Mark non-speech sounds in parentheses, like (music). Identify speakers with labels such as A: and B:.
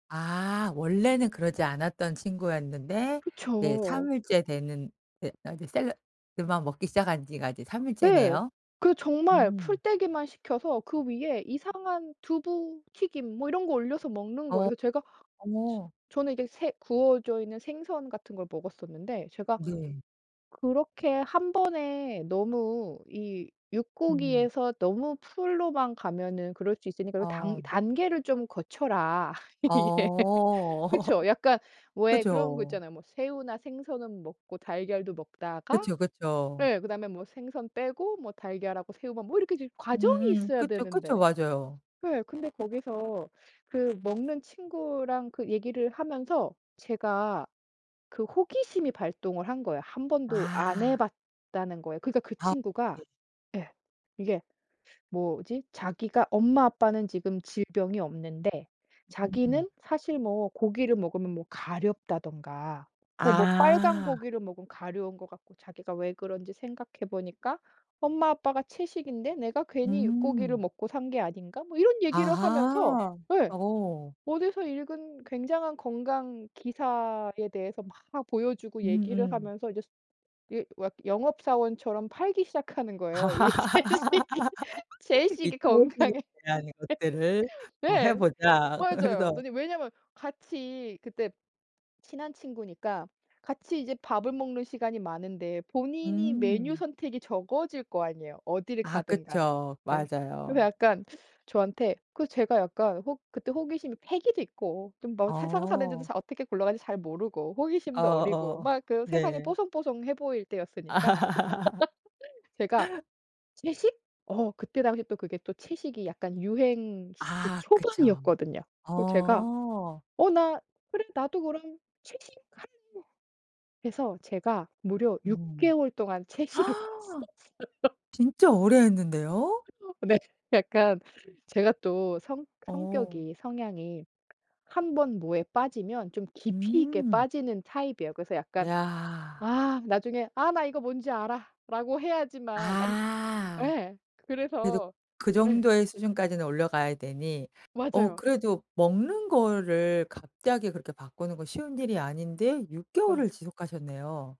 A: 아 원래는 그러지 않았던 친구였는데 이제
B: 그쵸.
A: 3 일째 되는 예 아니 샐러드만 먹기 시작한 지가 이제 3
B: 네.
A: 일째네요.
B: 그 정말
A: 음.
B: 풀떼기만 시켜서 그 위에 이상한 두부 튀김 뭐 이런 거 올려서 먹는
A: 어
B: 거예요. 제가 즈
A: 어머.
B: 저는 이게 새 구워져 있는 생선 같은 걸 먹었었는데 제가
A: 네.
B: "그렇게 1 번에 너무 이
A: 음.
B: 육고기에서 너무 풀로만 가면은 그럴 수 있으니까 그 단
A: 아.
B: 단계를 좀 거쳐라." (laughs) 예.
A: 어.
B: 그쵸
A: (laughs)
B: 약간 왜 그런 거
A: 그죠.
B: 있잖아요. 뭐 새우나 생선은 먹고 달걀도 먹다가
A: 그쵸, 그쵸.
B: 네 그다음에 뭐 생선 빼고 뭐 달걀하고 새우만 뭐 이렇게 좀 과정이
A: 음
B: 있어야
A: 그쵸, 그쵸.
B: 되는데.
A: 맞아요.
B: 예. 근데 거기서 그 먹는 친구랑 그 얘기를 하면서 제가 그 호기심이 발동을 한 거예요 1 번도 안
A: 아.
B: 해봤다는 거에. 그러니까 그
A: 아
B: 친구가
A: 네.
B: 예 이게 뭐지 "자기가 엄마 아빠는 지금 질병이 없는데
A: 음.
B: 자기는 사실 뭐 고기를 먹으면 뭐 가렵다든가 뭐 뭐 빨간
A: 아.
B: 고기를 먹으면 가려운 것 같고 자기가 왜 그런지 생각해 보니까 엄마 아빠가 채식인데 내가 괜히 육고기를
A: 음.
B: 먹고 산 게 아닌가?" 뭐 이런 얘기를 하면서
A: 아하.
B: 예
A: 어.
B: 어디서 읽은 굉장한 건강 기사에 대해서 막 보여주고 얘기를
A: 음음.
B: 하면서 이제 예 왁 영업사원처럼 팔기 시작하는
A: 아.
B: 거예요. 이 채식이,
A: (laughs) "이
B: 채식이
A: 채식에
B: 건강에
A: 대한 것들을
B: (laughs)
A: 어 해
B: 예.
A: 보자."
B: 맞아요.
A: 그래서
B: 근데 왜냐면 같이 그때 친한 친구니까 같이 이제 밥을 먹는 시간이 많은데 본인이 메뉴
A: 음.
B: 선택이 적어질 거 아니에요, 어디를
A: 아
B: 가든 간에.
A: 그쵸.
B: 예. 그래서
A: 맞아요.
B: 약간 저한테 그 제가 약간 호 그때 호기심이 패기도 있고 좀 뭐 세상 사는지도
A: 어.
B: 잘 어떻게 굴러가는지 잘 모르고
A: 어
B: 호기심도 어리고
A: 어
B: 막 그 세상이
A: 네.
B: 뽀송뽀송해 보일 때였으니까.
A: 아.
B: (laughs) 제가
A: (laughs)
B: "채식?" 어 그때 당시 또 그게 또 채식이 약간 유행 스 그
A: 아 그쵸.
B: 초반이었거든요. 그 제가
A: 어.
B: "어 나 그래. 나도 그럼 채식 한" 그래서 제가 무려 6
A: 음.
B: 개월 동안 채식을
A: (gasps)
B: 했었어요.
A: 진짜 오래 했는데요?
B: (unintelligible) 네 약간 제가 또 성
A: 어.
B: 성격이, 성향이 1 번 뭐에 빠지면 좀 깊이 있게
A: 음.
B: 빠지는 타입이에요. 그래서 약간
A: 야.
B: 아 나중에 "아 나 이거 뭔지 알아."라고 해야지만 남
A: 아.
B: 예.
A: 그래도
B: 그래서
A: 그
B: 예.
A: 정도의 수준까지는 올라가야 되니. 어
B: 맞아요.
A: 그래도 먹는 거를 갑자기 그렇게 바꾸는 건 쉬운 일이 아닌데 6 개월을
B: 맞아.
A: 지속하셨네요.